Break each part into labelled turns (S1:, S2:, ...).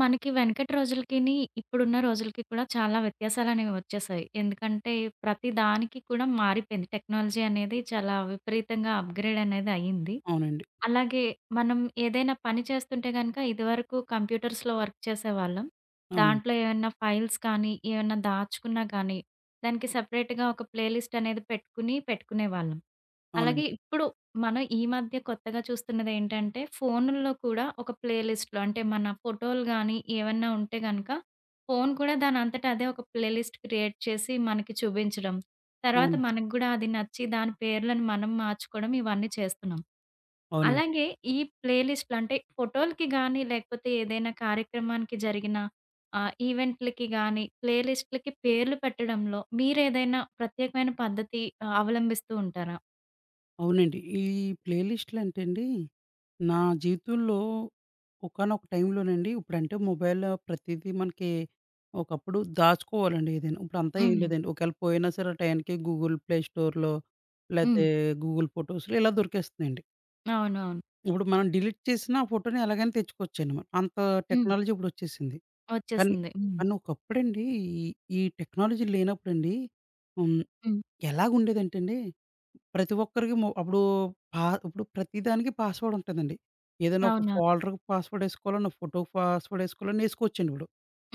S1: మనకి వెనకటి రోజులకిని, ఇప్పుడున్న రోజులకి కూడా చాలా వ్యత్యాసాలు అనేవి వచ్చేసాయి. ఎందుకంటే ప్రతి దానికి కూడా మారిపోయింది, టెక్నాలజీ అనేది చాలా విపరీతంగా అప్‌గ్రేడ్ అనేది అయింది.
S2: అవునండి.
S1: అలాగే, మనం ఏదైనా పని చేస్తుంటే గనుక ఇదివరకు కంప్యూటర్స్‌లో వర్క్ చేసేవాళ్ళం.
S2: అవునండి.
S1: దాంట్లో ఏమన్నా ఫైల్స్ కానీ, ఏమన్నా దాచుకున్నా గానీ, దానికి సెపరేట్‌గా ఒక ప్లే లిస్ట్ అనేది పెట్టుకుని, పెట్టుకునే వాళ్ళం. అలాగే
S2: అవునండి.
S1: ఇప్పుడు మనం ఈ మధ్య కొత్తగా చూస్తున్నదేంటంటే ఫోనుల్లో కూడా ఒక ప్లే లిస్టులు అంటే మన ఫోటోలు గానీ, ఏవన్నా ఉంటే కనుక. ఫోను కూడా దానంతట అదే ఒక ప్లే లిస్ట్ క్రియేట్ చేసి మనకి చూపించడం, తర్వాత
S2: అవును.
S1: మనకు గూడా అది నచ్చి దాని పేర్లను మనం మార్చుకోవడం ఇవన్నీ చేస్తున్నాం.
S2: అవునండి.
S1: అలాగే, ఈ ప్లే లిస్టులు అంటే ఫోటోలకి గానీ, లేకపోతే ఏదైనా కార్యక్రమానికి జరిగిన ఆహ్, ఈవెంట్లకి గానీ, ప్లే లిస్ట్‌లకి పేర్లు పెట్టడంలో మీరేదైనా ప్రత్యేకమైన పద్ధతి అవలంబిస్తుంటారా?
S2: అవునండి. ఈ ప్లే లిస్ట్‌లంటే అండి, నా జీవితంలో ఒకానొక టైంలోనండి ఇప్పుడంటే మొబైల్‌లో ప్రతీదీ మనకి ఒకప్పుడు దాచుకోవాలండి ఏదైనా, ఇప్పుడంతా ఏం
S1: హ్మ్.
S2: లేదండి, ఒకఏళ పోయినా సరే ఆ టయానికి గూగుల్ ప్లే స్టోర్‌లో,
S1: హ్మ్l
S2: లాతే గూగుల్ ఫోటోస్‌లో ఇలా దొరికేస్తున్నాయండి.
S1: అవునవును.
S2: ఇప్పుడు మనం డిలీట్ చేసినా ఆ ఫోటోని ఎలాగైనా తెచ్చుకోవచ్చండి. అంత
S1: హ్మ్.
S2: టెక్నాలజీ ఇప్పుడొచ్చేసింది. కానీ
S1: వచ్చేసింది. హ్మ్.
S2: కానీ ఒకప్పుడండి ఈ ఈ టెక్నాలజీ లేనప్పుడండి హ్మ్,
S1: హ్మ్.
S2: ఎలాగుండేదంటే అండి ప్రతి ఒక్కరికి మొ అప్పుడు పా ఇప్పుడు ప్రతి దానికి పాస్‌వర్డ్‌ ఉంటదండి. ఏదైనా ఒక
S1: అవునా?
S2: ఫోల్డర్‌కి పాస్‌వర్డ్‌ యేసుకోవాలన్నా ఫోటోకి ఫాస్‌వర్డ్‌ యెసుకోవాలన్నా యేసుకోవచ్చండి ఇప్పుడు.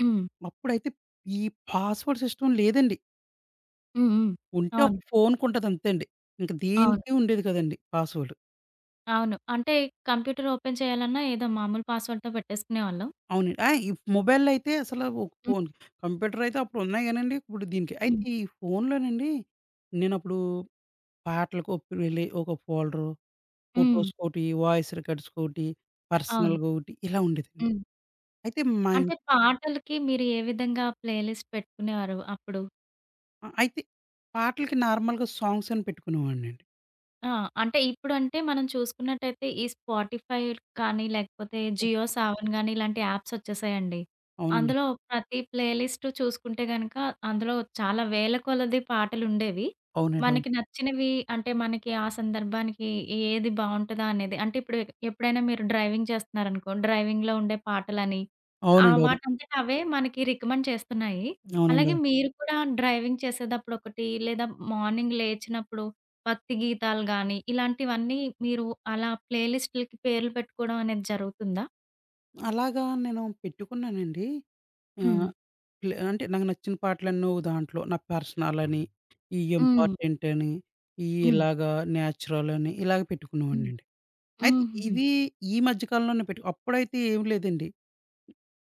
S1: హ్మ్.
S2: అప్పుడైతే ఈ పాస్‌వర్డ్‌ సిస్టమ్ లేదండి.
S1: హ్మ్, హ్మ్.
S2: ఉంటే
S1: అవును.
S2: ఒక ఫోనుకి ఉంటదంతే అండి. ఇంక
S1: అవును.
S2: దేనికి ఉండేది కాదండీ పాస్‌వర్డు.
S1: అవును. అంటే కంప్యూటర్ ఓపెన్ చేయాలన్నా ఏదో మామూలు పాస్‌వర్డ్‌తో పెట్టేసుకునే వాళ్ళం.
S2: అవునండి. ఆహ్, ఈ మొబైల్‌లో అయితే అసలు ఓ ఫోను. కంప్యూటరయితే అప్పుడు ఉన్నాయి గానండి. ఇప్పుడు దీనికి అయితే
S1: హ్మ్.
S2: ఈ ఫోనులోనండి నేను అప్పుడు పాటలకు ఒప్ వెళ్ళి ఒక ఫోల్డరు.
S1: హ్మ్.
S2: ఫోటోస్‌కి ఓటి వాయిస్ రికార్డ్స్ ఓటి
S1: అవును.
S2: పర్సనల్‌గా ఒకటి ఇలా ఉండేదండి.
S1: హ్మ్.
S2: అయితే మా ఇం
S1: అంటే పాటలకి మీరే విధంగా ప్లే లిస్ట్ పెట్టుకునేవారు అప్పుడు?
S2: ఆహ్, అయితే పాటలకి నార్మల్‌గా సాంగ్సని పెట్టుకునేవాడినండి.
S1: ఆ! అంటే ఇప్పుడంటే మనం చూసుకున్నట్టయితే ఈ స్పాటిఫై కానీ లేకపోతే జియో సావన్ గానీ ఇలాంటి యాప్స్ వచ్చేసాయండి.
S2: అవునండి.
S1: అందులో ప్రతి ప్లే లిస్ట్ చూసుకుంటే గనుక అందులో చాలా వేలకొలది పాటలుండేవి.
S2: అవునండి. అవును.
S1: మనకి నచ్చినవి అంటే మనకి ఆ సందర్భానికి ఏది బావుంటదా అనేది అంటే ఇప్పుడు ఎప్పుడైనా మీరు డ్రైవింగ్ చేస్తున్నారనుకో డ్రైవింగ్‌లో ఉండే పాటలని ఆహ్,
S2: అవునండి. అవును.
S1: వాటంతట అవే మనకి రికమెండ్ చేస్తున్నాయి. అలాగే
S2: అవునండొ.
S1: మీరు కూడా డ్రైవింగ్ చేసేతప్పుడు ఒకటి లేదా మార్నింగ్ లేచినప్పుడు భక్తి గీతాలు గానీ ఇలాంటివన్నీ మీరు అలా ప్లే లిస్టులకి పేర్లు పెట్టుకోవడం అనేది జరుగుతుందా?
S2: అలాగా నేను పెట్టుకున్నానండి.
S1: హ్మ్.
S2: ఆహ్, ఇల అంటే నాకు నచ్చిన పాటలన్నీ ఓహ్! దాంట్లో. నా పర్సనలని, ఈ
S1: హ్మ్.
S2: ఇంపార్టెంటని, ఈ
S1: హ్మ్.
S2: ఇలాగ న్యాచురలని, ఇలాగ
S1: హ్మ్.
S2: పెట్టుకునేవాడినండి. అయితే
S1: హుహుహు.
S2: ఇవీ ఈ మధ్య కాలంలోనే పెట్టుకు అప్పుడైతే ఏం లేదండి.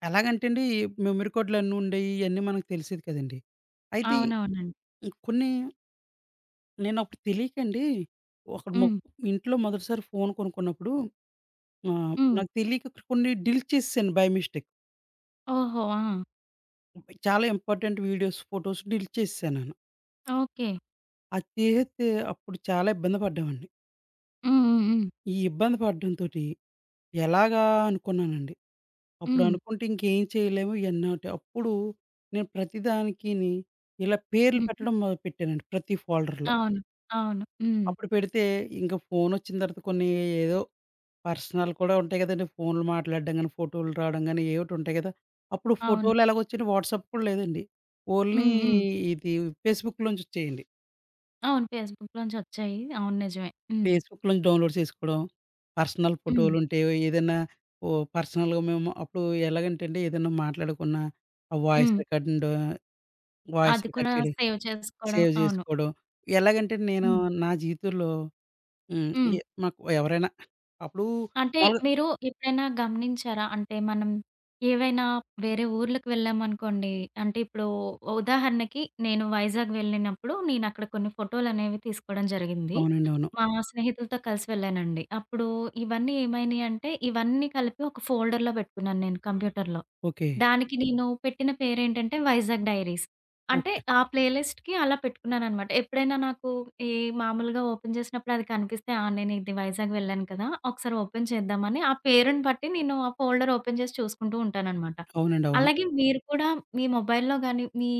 S2: ఎలాగంటే అండి, ఈ మెమరీకాడ్లన్ని ఉండేయి ఇయన్నీ మనకు తెలిసేది కదండీ! అయితే
S1: అవునవునండీ.
S2: ఇంక కొన్ని నేను అప్పుడు తెలీకండి, ఒక మొ
S1: హ్మ్.
S2: ఇంట్లో మొదటిసారి ఫోను కొనుక్కున్నప్పుడు ఆహ్,
S1: హ్మ్.
S2: నాకు తెలీక కొన్ని డీలిట్ చేసేసాను బై మిస్టేక్.
S1: ఓహో! ఆ!
S2: మొబై చాలా ఇంపార్టెంట్ వీడియోస్, ఫోటోస్ డిలీట్ చేసేసాను నేను.
S1: ఓకె.
S2: అది తీసేస్తే అప్పుడు చాలా ఇబ్బంది పడ్డామండి.
S1: హ్మ్. హ్మ్. హ్మ్.
S2: ఈ ఇబ్బంది పడటంతోటి, ఎలాగా అనుకున్నానండి. అప్పుడు
S1: హ్మ్.
S2: అనుకుంటే ఇంకేం చేయలేము ఇయన్నోటి అప్పుడు నేను ప్రతి దానికిని ఇలా పేర్లు
S1: హుహు.
S2: పెట్టడం మొదలుపెట్టానండి, ప్రతి ఫోల్డర్‌లో.
S1: అవును, అవును. హ్మ్.
S2: అప్పుడు పెడితే ఇంకా ఫోనోచ్చిన తర్వాత కొన్ని ఏదో పర్సనల్ కూడా ఉంటాయి కదండీ ఫోనులు మాట్లాడడం గాని, ఫోటోలు రావడం గాని ఏయోకటుంటయి కదా! అప్పుడు
S1: అవును.
S2: ఫోటోలెలాగోచ్చిన వాట్సాప్ కూడా లేదండి. ఓన్లీ
S1: హ్మ్. హ్మ్.
S2: ఇది ఫేస్‌బుక్‌లోంచొచ్చేయండి.
S1: అవును. ఫేస్‌‌బుక్‌లోనుంచొచ్చాయి. అవును. నిజమే‌. హ్మ్.
S2: ఫేస్‌‌బుక్‌లో నుంచి డౌన్‌లోడ్ చేసుకోవడం, పర్సనల్
S1: హ్మ్.
S2: ఫోటోలుంటే, ఏదైనా ఓహ్! పర్సనల్‌గా మేము అప్పుడు ఎలాగంటేండి, ఏదన్నా మాట్లాడుకున్నా, ఆ వాయిస్
S1: హ్మ్.
S2: రికార్డింగ్ దోయ్ వాయిస్
S1: అది
S2: రికార్డ్
S1: కూడా
S2: చేయడం,
S1: సేవ్ చేసుకోవడం.
S2: సేవ్
S1: అవును.
S2: చేసుకోవడం, ఎలాగంటే నేను
S1: హ్మ్.
S2: నా జీవితంలో హ్మ్,
S1: హ్మ్.
S2: ఎ మాకు ఎవరైనా అప్పుడు
S1: అంటే,
S2: మాములుగా
S1: మీరు ఎప్పుడైనా గమనించారా అంటే, మనం ఏవైనా వేరే ఊర్లకు వెళ్ళామనుకోండి. అంటే, ఇప్పుడూ ఉదాహరణకి, నేను వైజాగ్ వెళ్ళినప్పుడు, నేను అక్కడ కొన్ని ఫోటోలనేవి తీసుకోవడం జరిగింది.
S2: అవునండీ. అవును.
S1: మా స్నేహితులతో కలిసి వెళ్ళానండి. అప్పుడు ఇవన్నీ ఏమైనాయి అంటే, ఇవన్నీ కలిపి ఒక ఫోల్డర్‌లో పెట్టుకున్నాను నేను. కంప్యూటర్‌లో.
S2: ఓకే.
S1: దానికి నేను పెట్టిన పేరు ఏంటంటే వైజాగ్ డైరీస్. అంటే
S2: ఓకే.
S1: ఆ ప్లే లిస్ట్‌కి అలా పెట్టుకున్నానన్నమాట. ఎప్పుడైనా నాకు ఈ మామూలుగా ఓపెన్ చేసినప్పుడు అది కనిపిస్తే, ఆ! నేను ఇది వైజాగ్ వెళ్ళాను కదా ఒకసారి ఓపెన్ చేద్దామాని ఆ పేరుని పట్టి నేను ఆ ఫోల్డర్‌లో ఓపెన్ చేసి చూసుకుంటూ ఉంటానన్నమాట.
S2: అవునండి. అవును.
S1: అలాగే మీరు కూడా, మీ మొబైల్‌లో గాని, మీ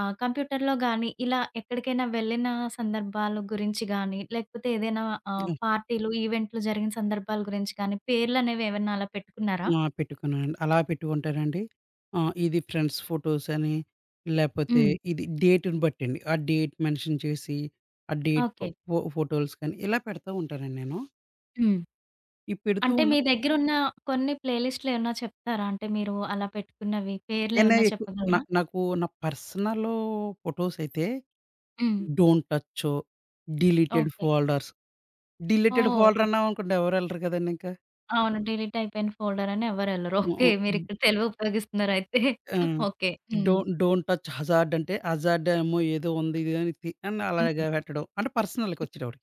S1: ఆహ్, కంప్యూటర్‌లో గాని, ఇలా ఎక్కడికైనా వెళ్ళిన సందర్భాల గురించి గాని, లేకపోతే ఏదైనా ఆహ్,
S2: హ్మ్.
S1: పార్టీలు, ఈవెంట్లు జరిగిన సందర్భాల గురించి కానీ పేర్లు అనేవి ఏమైనా అలా పెట్టుకున్నారా?
S2: ఆ! పెట్టుకున్నానండి. అలా పెట్టుకుంటారండి, ఆహ్, ఇది ఫ్రెండ్స్ ఫోటోసని లేకపోతే,
S1: హ్మ్.
S2: ఇది డేట్‌ని బట్టండి, ఆ డేట్ మెన్షన్ చేసి, ఆ డేట్
S1: ఓకే.
S2: పో ఫోటోస్‌కని ఇలా పెడతా ఉంటానండి నేను.
S1: హ్మ్,
S2: ఈ పెడుతూ
S1: అంటే
S2: ఉన్న
S1: మీ దగ్గరున్న కొన్ని ప్లేలిస్టులేమన్నా చెప్తారా? అంటే మీరు అలా పెట్టుకున్నవి
S2: నేనా
S1: పేర్లేవన్నా
S2: ఎకు నా
S1: చెప్పగలరా?
S2: నాకు నా పర్సనలు ఫోటోసయితే
S1: హ్మ్.
S2: డోంట్ టచ్చో డిలీటెడ్
S1: ఓకె.
S2: ఫోల్డర్స్. డిలీటెడ్
S1: ఓహ్!
S2: ఫోల్డరన్నామనుకోండి, ఎవరు ఎళ్ళరు కదండీ ఇంకా.
S1: అవును. డిలీట్ అయిపోయిన ఫోల్డర్ అనెవ్వరెళ్ళరు.
S2: మొ
S1: ఓకె
S2: హ్మ్.
S1: మీరిక్కడ తెలువి ఉపయోగిస్తున్నారయితే.
S2: హ్మ్,
S1: ఓకె. హ్మ్.
S2: డోంట్, డోంట్ టచ్ హజార్డ్ అంటే హజార్డ్ ఏమో ఏదో ఉంది అని
S1: హుహు.
S2: అలాగా పెట్టడం. అంటే, పర్సనల్‌కి
S1: హ్మ్.
S2: వచ్చేటప్పటికి.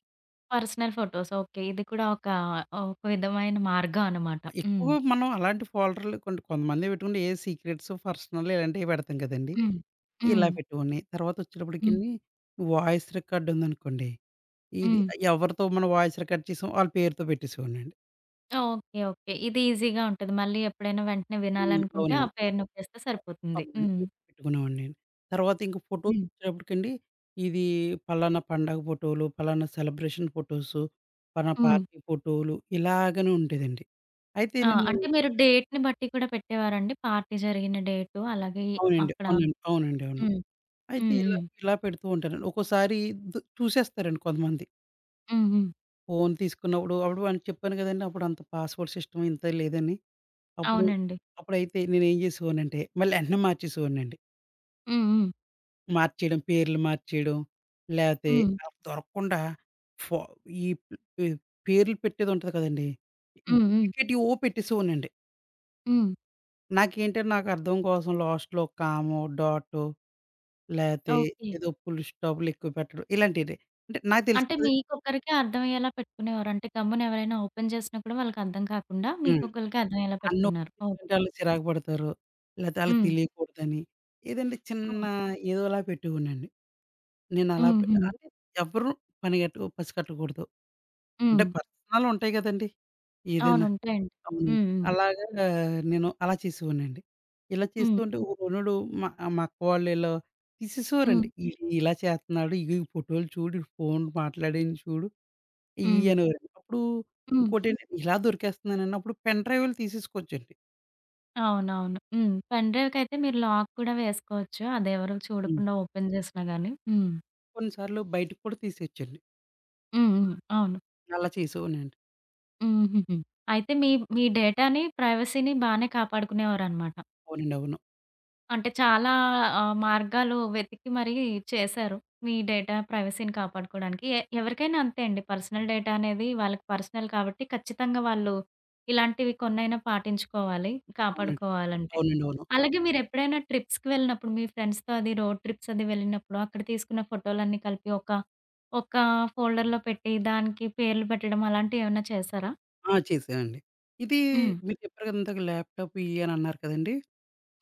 S1: Personal photos okay. ఇది కూడా ఒక ఒక విధమైన మార్గం అనమాట. హ్మ్.
S2: ఎక్కువ మనం అలాంటి ఫోల్డర్లు కొన్ని కొంతమందే పెట్టుకుంటే ఏ సీక్రెట్స్, పర్సనల్ ఇలాంటివి పెడతాం కదండీ!
S1: హ్మ్, హ్మ్.
S2: ఇలా పెట్టుకోని తర్వాత
S1: హ్మ్.
S2: వచ్చేటప్పటికిని వాయిస్ రికార్డ్ ఉందనుకోండి, ఇది
S1: హ్మ్.
S2: ఎవరితో మనం వాయిస్ రికార్డ్ చేసామో వాళ్ళ పేరుతో పెట్టేసేవాడినండి.
S1: ఓకె. ఓకె. ఇది ఈజిగా ఉంటది. మళ్ళీ ఎప్పుడైనా వెంటనే
S2: హ్మ్.
S1: వినాలనుకుంటే ఆ
S2: అవునండి.
S1: పేరు నొక్కేస్తే
S2: అ
S1: సరిపోతుంది.
S2: అవునండి
S1: హ్మ్.
S2: పెట్టుకునేవాడిని. తర్వాతింక ఫోటోస్
S1: హ్మ్.
S2: వచ్చేటప్పటికండి ఇది ఫలానా పండగ ఫోటోలు, పలానా సెలబ్రేషన్ ఫోటోస్, పలానా
S1: హ్మ్.
S2: పార్టీ ఫోటోలు ఇలాగనే ఉండేదండి. అయితే
S1: ఆ!
S2: నేను
S1: అంటే మీరు డేట్‌ని బట్టి కూడా పెట్టేవారండి? పార్టీ జరిగిన డేటు, అలాగే
S2: అవునండి,
S1: అక్కడ
S2: అవునండి. అవునండి అవును.
S1: హ్మ్.
S2: అయితే
S1: హ్మ్.
S2: ఇలా,
S1: హ్మ్.
S2: ఇలా పెడుతూ ఉంటానండి ఒక్కోసారి దు చూసేస్తారండి కొంతమంది.
S1: హుహు.
S2: ఫోన్ తీసుకున్నప్పుడు అప్పుడు వానికి చెప్పాను గదండి. అప్పుడంత పాస్‌వర్డ్ సిస్టమ్ ఇంత లేదని. అప్పుడు,
S1: అవునండి.
S2: అప్పుడైతే నేనేం జేసేవాడినంటే, మళ్ళీ యెంటనే మార్చేసేవోడినండి.
S1: హ్మ్, హ్మ్.
S2: మార్చేయడం. పేర్లు మార్చేయడం, లేతే
S1: హ్మ్.
S2: [unintelligible] దొరక్కుండా ఫ ఈ పె పేర్లు పెట్టేదుంటది కదండీ.
S1: హ్మ్, హ్మ్.
S2: డూప్లికేటియి ఓ పెట్టేసేవోడినండి.
S1: హ్మ్.
S2: నాకేంటంటే, నాకర్థం కోసం లాస్ట్‌లో కామో, డాట్టో లేతే
S1: ఓకే.
S2: ఏదో పులుస్టాపులెక్కువ పెట్టడం. ఇలాంటిదే. అంటే నాకు
S1: అంటే,
S2: తెలుస్తది.
S1: మీకొక్కరికే అర్థవయ్యేలా పెట్టుకునేవారు. అంటే, గమ్మునెవరైనా ఓపెన్ చేసినప్పుడు వాళ్ళకర్థం కాకుండా
S2: హ్మ్.
S1: మీకొక్కళ్ళకే అర్థవయ్యేలా పెట్టుకున్నారు. ఓకే.
S2: అన్నోఇట్టాంటోళ్ళే చిరాకు పడతారు, లేతే ఆళ్ళకి
S1: హ్మ్.
S2: తెలియకూడదని. ఏదంటే
S1: హ్మ్.
S2: చిన్నా ఏదోలా పెట్టేవోడినండి. నేనలా
S1: హ్మ్, హ్మ్.
S2: పెట్టెగాలనే, ఎవ్వరు పనిగట్టుకు పసికట్టకూడదు. అంటే,
S1: హ్మ్.
S2: పర్సనలుంటయి గదండి
S1: అవును.
S2: ఏదైనా
S1: ఉంటాయండి.
S2: గమ్ముని.
S1: హ్మ్, హ్మ్.
S2: అలాగా నేను అలా చేసేవోడినండి. ఇలా చేస్తూ
S1: హ్మ్.
S2: ఉంటే ఒకొనుడు మా ఆహ్, మా అక్క వాళ్ళీళ్ళు
S1: హ్మ్.
S2: తీసేసేవారండి. "ఈడు ఇలా చేత్తన్నాడు, ఇగో ఈ ఫోటోలు చూడు, ఈ ఫోన్లు మాట్లాడింది చూడు," ఈ
S1: హ్మ్.
S2: అనేవోరండి. [unintelligible] అప్పుడూ
S1: హ్మ్.
S2: ఇంకోటేంటంటే, ఇలా దొరికేస్తన్నానన్నప్పుడు పెన్ డ్రైవులు తీసేసుకోవచ్చండి.
S1: అవునవును హ్మ్, పెన్ డ్రైవ్ కైతే మీరు లాక్ కూడా వేసుకోవచ్చు. అది ఎవరు
S2: హ్మ్.
S1: చూడకుండా ఓపెన్ జేసినా గాని హ్మ్.
S2: కొన్ని సార్లు బయటికి కూడా తీసేయోచ్చండి.
S1: హుహు. అవును.
S2: అలా చేసేవాడినండి.
S1: హుహుహు. అయితే మీ మీ డేటాని ప్రైవసీని బాగానే కాపాడుకునేవారన్నమాట.
S2: అవునండి. అవును.
S1: అంటే, చాలా ఆహ్, మార్గాలు వెతికి మరి చేశారు మీ డేటా ప్రైవసీని కాపాడుకోడానికి. ఎ ఎవరికైనా అంతే అండి పర్సనల్ డేటా అనేది వాళ్ళకి పర్సనల్ కాబట్టి ఖచ్చితంగా వాళ్ళు ఇలాంటివి కొన్నైనా పాటించుకోవాలి
S2: అవునండి.
S1: కాపాడుకోవాలంటే.
S2: అవునండి, అవును.
S1: అలాగే మీరెప్పుడైనా ట్రిప్‌కి వెళ్ళినప్పుడు మీ ఫ్రెండ్స్‌తో అది రోడ్ ట్రిప్స్ అది వెళ్ళినప్పుడు అక్కడ తీసుకున్న ఫోటోలన్నీ కలిపి ఒక ఒక ఫోల్డర్‌లో పెట్టి దానికి పేర్లు పెట్టడం అలాంటివేమన్నా చేశారా?
S2: ఆ! చేసానండి. ఇది
S1: హ్మ్.
S2: మీరు చెప్పారు గదా ఇందాక ల్యాప్‌టాపు ఈయి అని అన్నారు కదండీ.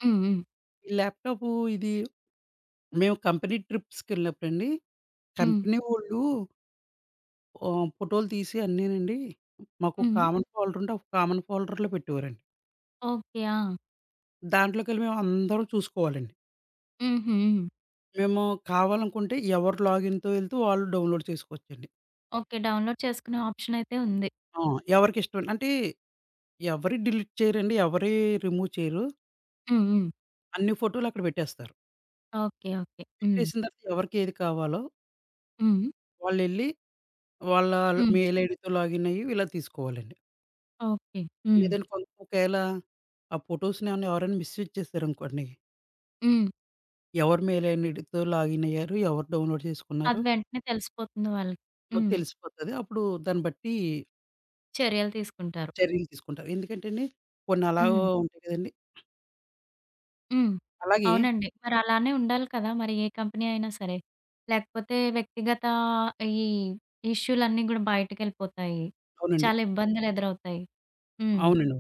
S1: హ్మ్, హ్మ్.
S2: ఈ ల్యాప్‌టాపూ ఇది మేము కంపెనీ ట్రిప్స్‌కెళ్ళినప్పుడండి
S1: హ్మ్.
S2: కంపెనీ వాళ్ళు ఆహ్, ఫోటోలు తీసి అన్నీ నండి మాకు
S1: హ్మ్.
S2: కామన్ ఫోల్డరుంటే ఒక కామన్ ఫోల్డర్‌లో పెట్టేవారండి.
S1: ఓకే. ఆ!
S2: దాంట్లోకెళ్ళి మేమందరం చూసుకోవాలండి.
S1: హుహు.
S2: మేము కావాలనుకుంటే ఎవరు లాగిన్‌తో యెళ్తూ వాళ్ళు డౌన్‌లోడ్ చేసుకోవచ్చండి.
S1: ఓకే. డౌన్‌లోడ్ చేసుకునే ఆప్షన్ అయితే ఉంది.
S2: ఆ! ఎవరికిష్టమండి అంటే ఎవరి డిలీట్ చెయ్యరండి, ఎవరీ రిమూవ్ చెయ్యరు.
S1: హ్మ్. హ్మ్.
S2: అన్ని ఫోటోలక్కడ పెట్టేస్తారు.
S1: ఓకే. ఓకే. హ్మ్.
S2: పెట్టేసిన తర్వాత ఎవరికి ఏది కావాలో...
S1: హ్మ్.
S2: వాళ్ళెళ్ళి వాళ్ళ ల్
S1: హ్మ్.
S2: మెయిల్ ఐడీతో లాగిన్ అయ్యి ఇలా తీసుకోవాలండి.
S1: ఓకే. హ్మ్.
S2: లేదంటే కొం ఒకేళ ఆ ఫోటోస్‌ని ఏమైనా ఎవరైనా మిస్ యూజ్ చేశారనుకోండి...
S1: హ్మ్.
S2: ఎవరు మెయిలైన్ ఐడితో లాగిన్ అయ్యారు? ఎవరు డౌన్‌లోడ్
S1: అది
S2: చేసుకున్నారు?
S1: వెంటనే తెలిసిపోతుంది వాళ్ళకి.
S2: పో
S1: హ్మ్.
S2: తెలిసిపోతది. అప్పుడు దాన్ని బట్టి...
S1: చర్యలు తీసుకుంటారు.
S2: చర్యలు తీసుకుంటారు. ఎందుకంటెండి కొన్నలాగ
S1: హ్మ్.
S2: ఉంటాయి గదండీ!
S1: హ్మ్.
S2: అలాగే
S1: అవునండి. మరి అలానే ఉండాలి కదా! మరి ఏ కంపెనీ అయినా సరే. లేకపోతే వ్యక్తిగత ఈ ఇష్యూలన్నీ గూడా బయటికెళ్ళిపోతాయి,
S2: అవునండి.
S1: చాలా ఇబ్బందులెదురవుతాయి హ్మ్.
S2: అవునండి అవును.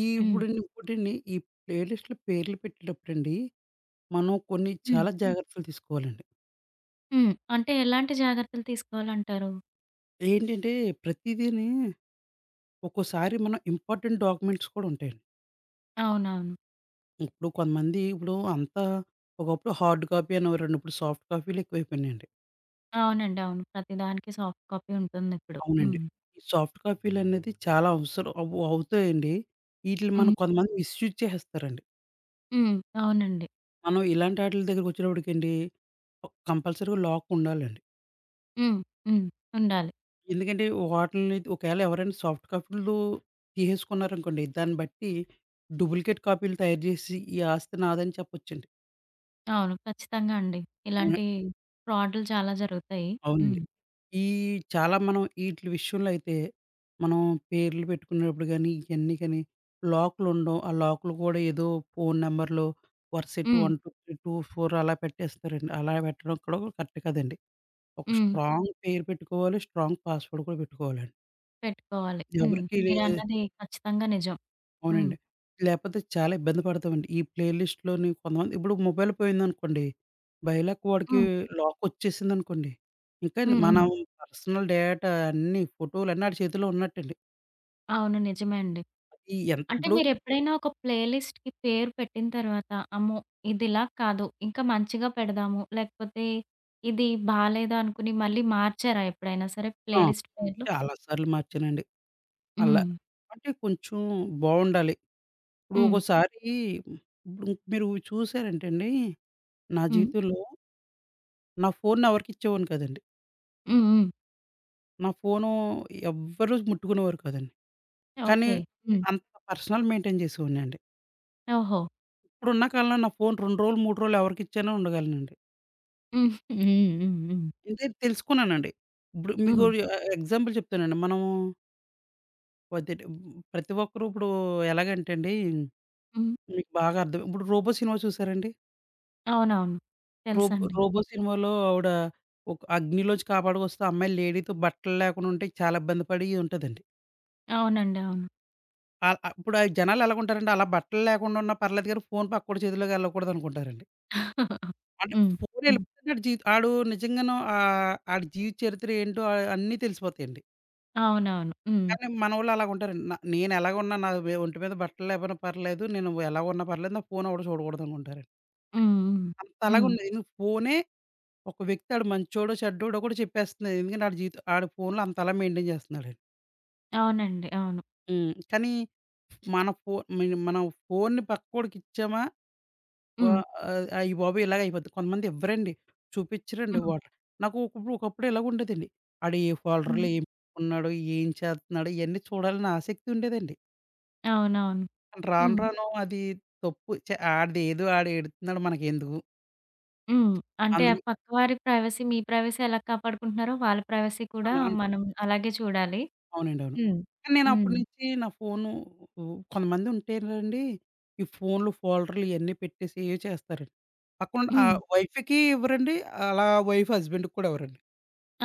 S2: ఈ
S1: హ్మ్.
S2: ఇప్పుడండి ఇంకోటండి ఈ ప్లే లిస్ట్‌లో పేర్లు పెట్టేటప్పుడండి మనం కొన్ని
S1: హ్మ్.
S2: చాలా జాగ్రత్తలు తీసుకోవాలండి.
S1: హ్మ్. అంటే ఎలాంటి జాగ్రత్తలు తీసుకోవాలంటారు?
S2: ఏంటంటే, ప్రతీదీని ఒక్కోసారి మన ఇంపార్టెంట్ డాక్యుమెంట్స్ కూడా ఉంటాయండి.
S1: అవునవును.
S2: ఇప్పుడు కొంతమంది ఇప్పుడు అంతా ఒకప్పుడు హార్డ్ కాపీ అనేవారండి ఇప్పుడు సాఫ్ట్ కాపీలెక్కువైపోయినాయండి.
S1: అవునండి. అవును. ప్రతిదానికి సాఫ్ట్ కాపీ ఉంటుందిప్పుడు.
S2: అవునండి.
S1: హ్మ్.
S2: ఈ సాఫ్ట్ కాపీలనేది చాలా అవసరం అవు-అవుతాయండి. వీటిల్ని మనం
S1: హ్మ్.
S2: కొంతమంది మిస్‌యూస్ చేసేస్తారండి.
S1: హ్మ్. అవునండి.
S2: మనం ఇలాంటాటిల దగ్గరకొచ్చేటప్పటికండి క్ కంపల్సరీగా లాక్ ఉండాలండి.
S1: హ్మ్. హ్మ్. ఉండాలి.
S2: ఎందుకంటే, వాటిల్ని ది ఒకేళ ఎవరైనా సాఫ్ట్ కాపీలు తీసేసుకున్నారనుకోండి, దాన్ని బట్టి డూప్లికేట్ కాపీలు తయారు జేసి ఈ ఆస్తి నాదని చెప్పొచ్చండి.
S1: అవును. ఖచ్చితంగా అండి.
S2: [unintelligible]
S1: ఇలాంటి ఫ్రాడ్లు చాలా జరుగుతాయి.
S2: అవునండి.
S1: హ్మ్.
S2: ఈ చాలా మనం ఈటిల విషయంలో అయితే, మనం పేర్లు పెట్టుకునేప్పుడు గాని, ఇయన్నీ కాని లాక్లుండవు ఆ లాక్లు కూడా ఏదో ఫోను నెంబర్లు వర్సెట్టి
S1: హ్మ్.
S2: 1, 2, ౩, 2, 4 అలా పెట్టేస్తారండి. అలా పెట్టడం కూడా కరెక్ట్ కాదండి. ఒక
S1: హ్మ్
S2: స్ట్రాంగ్ పేరు పెట్టుకోవాలి. స్ట్రాంగ్ పాస్వర్డ్ కూడా పెట్టుకోవాలండి.
S1: పెట్టుకోవాలి. హ్మ్.
S2: ఎవరికీ లే
S1: మీరన్నది ఖచ్చితంగా నిజం. హ్మ్.
S2: అవునండి. లేకపోతే చాలా ఇబ్బంది పడతామండి. ఈ ప్లే లిస్ట్‌‌లోని కొంతమంది ఇప్పుడు మొబైల్ పోయిందనుకోండి, బై లక్ వాడికి
S1: హ్మ్.
S2: లాకొచ్చేసిందనుకోండి. ఇంకండి
S1: హ్మ్.
S2: మనం
S1: హ్మ్.
S2: పర్సనల్ డేటా అన్నీ, ఫోటోలన్నీ ఆడి చేతిలో ఉన్నట్టండి.
S1: అవును. నిజమే అండి.
S2: ఈ ఎం
S1: అంటే
S2: ఇప్పుడు
S1: మీరెప్పుడైనా ఒక ప్లే లిస్ట్‌కి పేరు పెట్టిన తర్వాత, "అమ్మో! ఇదిలా కాదు, ఇంకా మంచిగా పెడదాము," లేకపోతే ఇది బాలేదు అనుకోని మళ్ళీ మార్చారా ఎప్పుడైనా సరే? ప్లే
S2: ఆ!
S1: లిస్ట్ పేర్లు.
S2: చాలా సార్లు మార్చానండి. అలా
S1: హ్మ్.
S2: అంటే కొంచెం బావుండాలి. ఇప్పుడు
S1: హ్మ్.
S2: ఒకోసారి ఇపుడ్ మీరు చూశారంటేండి నా
S1: హ్మ్.
S2: జీవితంలో... నా ఫోన్‌నెవరికిచ్చేవాడిని కాదండి.
S1: హ్మ్. హ్మ్.
S2: నా ఫోను ఎవ్వరు ముట్టుకునేవారు కాదండి. కానీ,
S1: ఓకే. హ్మ్.
S2: అంత పర్సనల్ మెయింటెయిన్ జేసేవాడినండి.
S1: ఓహో!
S2: ఇప్పుడున్న కాలంలో, నా ఫోను 2 రోలు, 3 రోలు ఎవరికిచ్చైన ఉండగలనండి.
S1: హ్మ్. హ్మ్. హ్మ్. హ్మ్.
S2: ఇదే తెలుసుకున్నానండి. ఇప్పుడు మీకు
S1: హ్మ్.
S2: ఒకటి ఆ ఆ ఎగ్జాంపుల్ చెప్తానండి. మనమూ [unintelligible] ప్రతి ఒక్కరు ఇప్పుడు ఎలాగంటే అండి,
S1: హ్మ్.
S2: మీకు బాగా అర్థం ఇప్పుడు 'రోబో' సినిమా చూసారా అండి?
S1: అవునవును
S2: 'రోబో
S1: తెలుసండి.
S2: రోబో' సినిమాలో ఆవిడ ఒక అగ్నిలో నుంచి కాపాడుకొస్తే ఆ అమ్మాయిలు లేడీతో బట్టలు లేకుండా ఉంటే చాలా ఇబ్బంది పడి ఉంటదండి.
S1: అవునండి. అవును.
S2: ఆహ్, అ ఇప్పుడు జనాలు ఎలాగుంటారండి అలా బట్టలు లేకుండా ఉన్నా పర్లేదు గాని, ఫోను పక్కోడి చేతిలోకెళ్ళకూడదనుకుంటారండి. అంటే
S1: హ్మ్,
S2: ఫోను
S1: హ్మ్.
S2: ఎళ్లిపోతేనే ఆడి జీ ఆడు నిజంగానో ఆహ్, ఆడి జీవిత చరిత్ర ఏంటో అ అన్నీ తెలిసిపోతాయండి.
S1: అవునవును. హ్మ్.
S2: కానీ మనోళ్ళు అలాగుంటారండి. న నేనేలాగున్నా నా మీద ఒంటి మీద బట్టలు లేకపోయినా పర్లేదు. నేను ఎలాగున్నా పర్లేదు. నా ఫోను ఎవడు చూడకూడదనుకుంటారండి.
S1: హ్మ్, హ్మ్.
S2: అంతలాగా
S1: హ్మ్.
S2: ఉంది. ఎందుకు ఫోనే ఒక వ్యక్తి ఆడు మంచోడో? చెడ్డోడో? గూడా చెప్పేస్తుంది. ఎందుకంటే వాడి జీవితం వాడు ఫోన్లో అంతలా మెయింటైన్ చేస్తున్నాడండి.
S1: అవునండి. అవును.
S2: హ్మ్, కానీ ఫ్ మన ఫోను మనం ఫోన్ని పక్కోడికి ఇచ్చామా వా
S1: హ్మ్.
S2: అయ్ అయ్య బాబోయ్! ఇలాగయిపోద్ది. కొంతమందివ్వరండి. చూపించరండి
S1: హ్మ్.
S2: వాళ్ళు. నాకు ఒకప్పుడు ఒకప్పుడు ఇలాగుండేదండి. వాడు ఏ
S1: హ్మ్.
S2: ఫోల్డర్‌లో ఏం పెట్టుకున్నాడో? ఏం చేత్తున్నాడో? ఇయన్నీ చూడాలని ఆసక్తి ఉండేదండి.
S1: అవునవును.
S2: రాను,
S1: హ్మ్.
S2: రాను అది తప్పు ఛ ఆడిదేదో ఆడు ఏడుత్తున్నాడు మనకెందుకు?
S1: హ్మ్. అంటే ఆ
S2: అందుకు
S1: పక్కవారి ప్రైవసీ, మీ ప్రైవసీ ఎలా కాపాడుకుంటున్నారో, వాళ్ళ ప్రైవసీ కూడా
S2: అన్నాను.
S1: మనం అలాగే చూడాలి.
S2: అవునండవును.
S1: హ్మ్.
S2: కానీ, నేను అప్పటి
S1: హ్మ్.
S2: నుంచి నా ఫోనూ ఉ కొంతమంది ఉంటేనండి ఈ ఫోన్లు ఫోల్డర్లు ఇయన్నీ పెట్టేసి ఏయో చేస్తారండి. పక్కనున్న
S1: హ్మ్.
S2: ఆహ్, వైఫ్‌కి ఇవ్వరండి, అలా వైఫు హస్బెండ్‌ కూడా ఇవ్వరండి.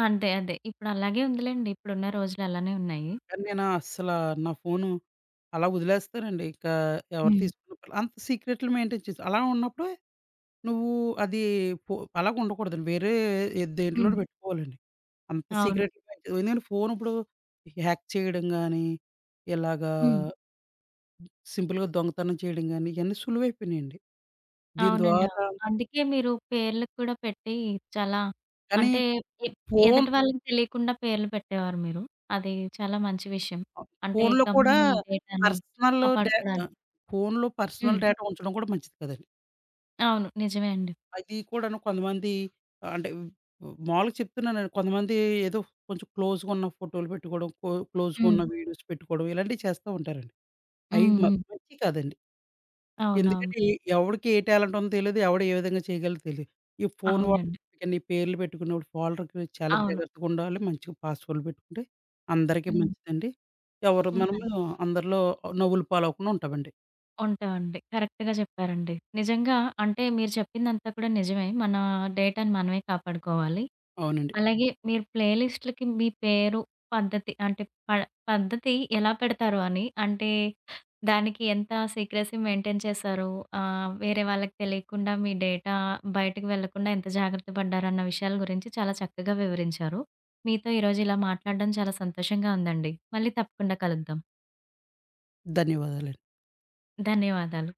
S1: అంతే. అదే. ఇప్పుడు అలాగే ఉందిలెండి. ఇప్పుడున్న రోజులు అలానే ఉన్నాయి.
S2: కానీ, నేనస్సల నా ఫోను అలా వదిలేస్తానండి. ఇక ఎవరు
S1: హ్మ్.
S2: తీసుకున్న అంత సీక్రెట్లు మెయింటైన్ చేస్ అలా ఉన్నప్పుడే నువ్వు అది పో అలాగ ఉండకూడదండి. వేరే ఎద్
S1: హ్మ్.
S2: దేంట్లోనో పెట్టుకోవాలండి. అంత
S1: అవును.
S2: సీక్రెట్లు [unintelligible] నేను ఫోనుప్పుడు హ్యాక్ చేయడం గానీ ఇలాగా
S1: హ్మ్.
S2: సింపుల్‌గా దొంగతనం చేయడం కాని, ఇయన్నీ సులువైయిపోయినియండి. దీని
S1: అవునండి. అవును.
S2: ద్వారా
S1: అందుకే మీరు పేర్లుకు కూడా పెట్టి, చాలా
S2: కానీ
S1: అంటే, ఎప్
S2: ఫోను
S1: ఎదుటివాళ్ళకి తెలియకుండా పేర్లు పెట్టేవారు మీరు. అది చాలా మంచి విషయం. అంటే,
S2: ఫోన్లో కూడా,
S1: కంపెనీ డేటాని
S2: పర్సనల్ డే
S1: కాపాడుకోడానికి.
S2: ఆహ్, ఫోన్లో పర్సనల్
S1: హ్మ్.
S2: డేటా ఉంచడం కూడా మంచిది కాదండి.
S1: అవును. నిజమే అండి.
S2: అది కూడాను కొంతమంది ఆహ్, అంటే మాములుగా చెప్తున్నానండి. కొంతమంది ఏదో కొంచెం క్లోజ్‌గున్న ఫోటోలు పెట్టుకోవడం, క్లో క్లోజ్‌గున్న
S1: హ్మ్.
S2: వీడియోస్ పెట్టుకోవడం, ఇలాంటివి చేస్తా ఉంటారండి.
S1: హ్మ్.
S2: అయి మ
S1: హ్మ్.
S2: మంచియి కాదండి.
S1: అవునవును.
S2: ఎందుకంటే, ఎ ఎవడికి ఏ టాలెంటుందో తెలీదు, ఎవడు ఏ విధంగా చేయగలడో తెలీదు. ఈ ఫోను
S1: అవునండి.
S2: వాడి పేర్లు పెట్టుకున్నప్పుడు ఫోల్డర్‌కి చాలా
S1: అవును.
S2: జాగ్రత్తగా ఉండాలి. మంచిగా పాస్‌వర్డ్‌లు పెట్టుకుంటే, అందరికీ
S1: హ్మ్.
S2: మంచిదండి. ఎవరు
S1: హ్మ్.
S2: మనము
S1: మంచి
S2: అందరిలో నవ్వులపాలవ్వకుండా ఉంటామండి.
S1: ఉంటావండి. కరెక్ట్‌గా చెప్పారండి. నిజంగా, అంటే మీరు చెప్పిందంతా కూడా నిజమే. మన డేటాను మనమే కాపాడుకోవాలి.
S2: అవునండి.
S1: అలాగే మీరు ప్లేలిస్ట్‌లకి మీ పేరు, పద్ధతి, అంటే ప పద్ధతి ఎలా పెడతారు అని అంటే, దానికి ఎంత సీక్రెసీ మెయింటైన్ చేసారో, ఆహ్, వేరే వాళ్ళకి తెలియకుండా మీ డేటా బయటకు వెళ్లకుండా ఎంత జాగ్రత్త పడ్డారన్న విషయాల గురించి చాలా చక్కగా వివరించారు. మీతో ఈరోజు ఇలా మాట్లాడడం చాలా సంతోషంగా ఉందండి. మళ్ళీ తప్పకుండా కలుద్దాం.
S2: ధన్యవాదాలండి.
S1: ధన్యవాదాలు.